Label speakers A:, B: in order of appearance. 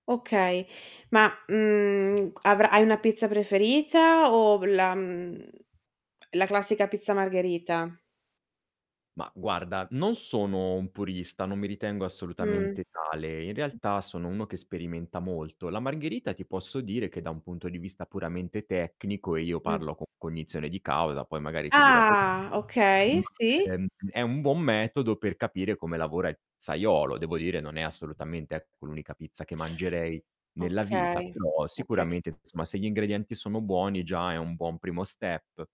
A: Okay. Ma mhmm, avra hai una pizza preferita o la mhmm, la classica pizza margherita?
B: Ma guarda, non sono un purista, non mi ritengo
A: Mh.
B: assolutamente tale. In realtà sono uno che sperimenta molto. La margherita ti posso dire che da un punto di vista puramente tecnico e io
A: Mh.
B: parlo con cognizione di causa, poi magari ti dirò perché,
A: Ah,
B: ma
A: okay, sì.
B: è è un buon metodo per capire come lavora il pizzaiolo. Devo dire, non è assolutamente, ecco, l'unica pizza che mangerei nella vita,
A: Okay,
B: però
A: okay
B: sicuramente insomma se gli ingredienti sono buoni già è un buon primo step.